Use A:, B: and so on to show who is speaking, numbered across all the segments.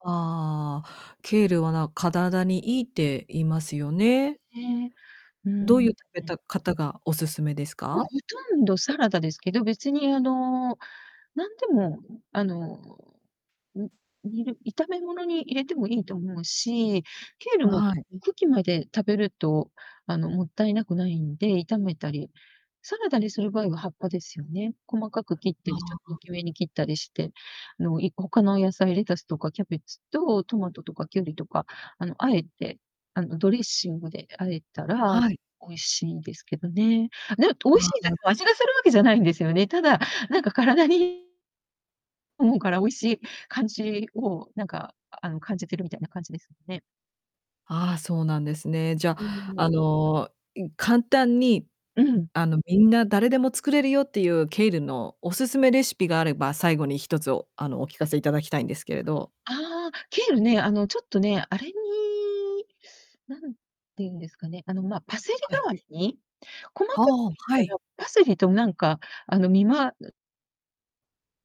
A: ああ、ケールはな体にいいって言いますよね。
B: んね、うん
A: ど
B: う
A: う
B: ん。
A: いう食べた方がお勧めです
B: もうほ
A: か？
B: とんどサラダですけど、別にあの、なんでも、あの、ん煮る炒め物に入れてもいいと思うし、ケールも
A: はい。
B: 茎まで食べると、あの、勿体なくないんで、炒めたり、サラダにする場合は葉っぱですよね。細かく切った
A: あ
B: り、ちょっと大
A: あ。
B: きめに切ったりして。あの、いこ他の野菜、レタスとかキャベツと、トマトとかキュウリとか、あの、和えて、あの、ドレッシングで和えたら、
A: はい。
B: 美味しいですけどね。ね美味し
A: あ
B: いです、
A: あ。
B: 味がするわけじゃないんですよね。ただ、なんか体に思うから、美味しい感じを、なんかあの、感じてるみたいな感じですよね。
A: ああ、そうなんですね。じゃ、
B: うーん、も
A: あ
B: う
A: の、い簡単に、
B: うん。
A: あの、みんな誰でも作れるよっていうケールのおすすめレシピがあれば、最後に1つあの、お聞かせいただきたいんですけれど。
B: ああ、ケールね、あの、ちょっとね、あれに、何て言うんですかね、あの、ま、パセリ
A: は
B: 代
A: い。
B: わりに、細か
A: は
B: く
A: あ、
B: 切っ
A: は
B: た
A: い。
B: ら、パセリとなんか、あの、見ま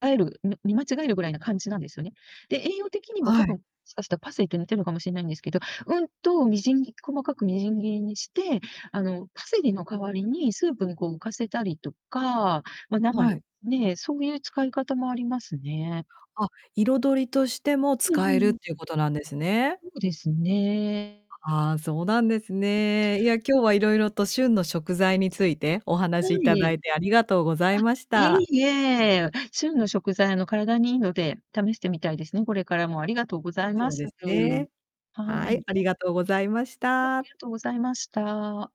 B: あえるみ見間違えるぐらいな感じなんですよね。で、栄養的にも
A: は
B: 多
A: い。
B: 分、しかしたらパセリと似てんのかもしんないんですけど、うんと、みじん切細かくみじん切りにして、あの、パセリの代わりにスープにこう浮かせたりとか、ま、生
A: は
B: で
A: い。
B: ね、そういう使い方もありますね。
A: あ、彩りとしても
B: うんう
A: 使
B: ん
A: えるっ
B: うん。
A: ていうことなんですね。
B: ほうですね。
A: ああ、そうなんですね。いや、今日は色々と旬の食材についてお話
B: は
A: しい
B: い、
A: た
B: ええ。
A: だいてありがとうございまし
B: あ、
A: た。
B: いいえ、旬の食材、あの、体に良いので試してみたいですね、これからも。ありがとうございま
A: そう
B: す。
A: です
B: [unintelligible]
A: ね。
B: は
A: はい、
B: い。
A: ありがとうございまし
B: はい、あ
A: た。
B: りがとうございました。